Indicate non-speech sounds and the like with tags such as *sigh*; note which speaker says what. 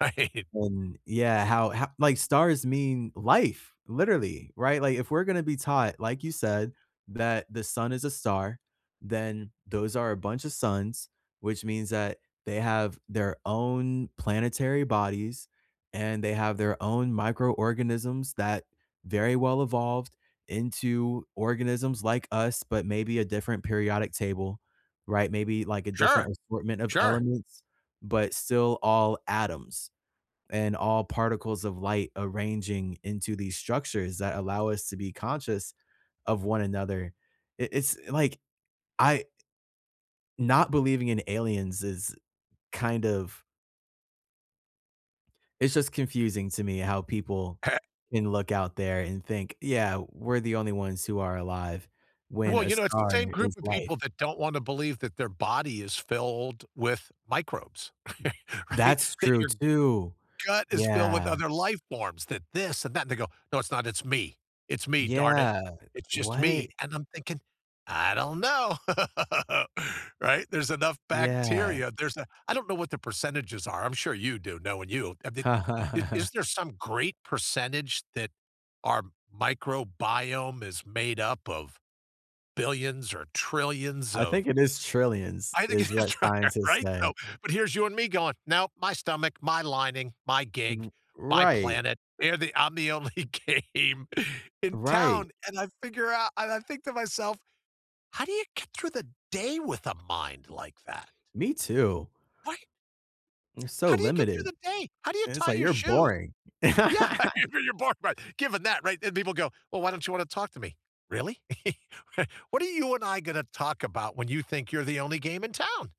Speaker 1: Right.
Speaker 2: And yeah, how ho like, stars mean life, literally, right? Like, if we're gonna be taught- like you said- that the sun is a star, then those are a bunch a suns, which means that they have their own planetary bodies, and they have their own microorganisms that very-well evolved into organisms like us, but maybe a different periodic table, right? Maybe, like, a
Speaker 1: Sure.
Speaker 2: different assortment of
Speaker 1: Sure.
Speaker 2: elements, but still all atoms. And all particles of light arranging into these structures that allow us to be conscious of one another. It it's like, I i not believing in aliens is kind of it's just confusing to me how people
Speaker 1: Eh
Speaker 2: can look out there and think, "Yeah, we're the only ones who are alive." When
Speaker 1: Well,
Speaker 2: a
Speaker 1: you know, it's the
Speaker 2: star
Speaker 1: same group
Speaker 2: is
Speaker 1: of people
Speaker 2: life.
Speaker 1: that don't wanna believe that their body is filled with microbes, *chuckles* right?
Speaker 2: That's
Speaker 1: That
Speaker 2: true
Speaker 1: your
Speaker 2: too.
Speaker 1: gut is filled with
Speaker 2: Yeah.
Speaker 1: other life forms, that "this" and "that" and they go, "No, it's not, it's me. It's me, darn it.
Speaker 2: Yeah,
Speaker 1: It's just
Speaker 2: what?
Speaker 1: me," and I'm thinking, "I don't know?" *laughs* Right? There's enough
Speaker 2: Yeah.
Speaker 1: bacteria, there's a I don't know what the percentages are, I'm sure you do, knowing you, uh, th i is
Speaker 2: *chuckles*
Speaker 1: there some great percentage that our microbiome is made up of billions or trillions
Speaker 2: I think
Speaker 1: of
Speaker 2: it is trillions,
Speaker 1: I think it
Speaker 2: is
Speaker 1: is
Speaker 2: what
Speaker 1: trillion,
Speaker 2: scientists
Speaker 1: right? So
Speaker 2: say.
Speaker 1: but here's you and me going, "No, my stomach, my lining, my gig,
Speaker 2: R
Speaker 1: my
Speaker 2: right.
Speaker 1: planet, they're the I'm the only game in
Speaker 2: Right.
Speaker 1: town," and I figure out and I think to myself, "How do you get through the day with a mind like that?”
Speaker 2: Me too.
Speaker 1: What?
Speaker 2: And so
Speaker 1: “How do you get through
Speaker 2: limited,
Speaker 1: the day? How do you
Speaker 2: and it's,
Speaker 1: tie
Speaker 2: like
Speaker 1: your
Speaker 2: "You're
Speaker 1: shoes?”
Speaker 2: boring."
Speaker 1: Yeah you
Speaker 2: *laughs*
Speaker 1: you're boring, but, given that right? And people go, "Well, why don't you want to talk to me?" "Really? *laughs* R what are you and I gonna talk about when you think you're the only game in town?"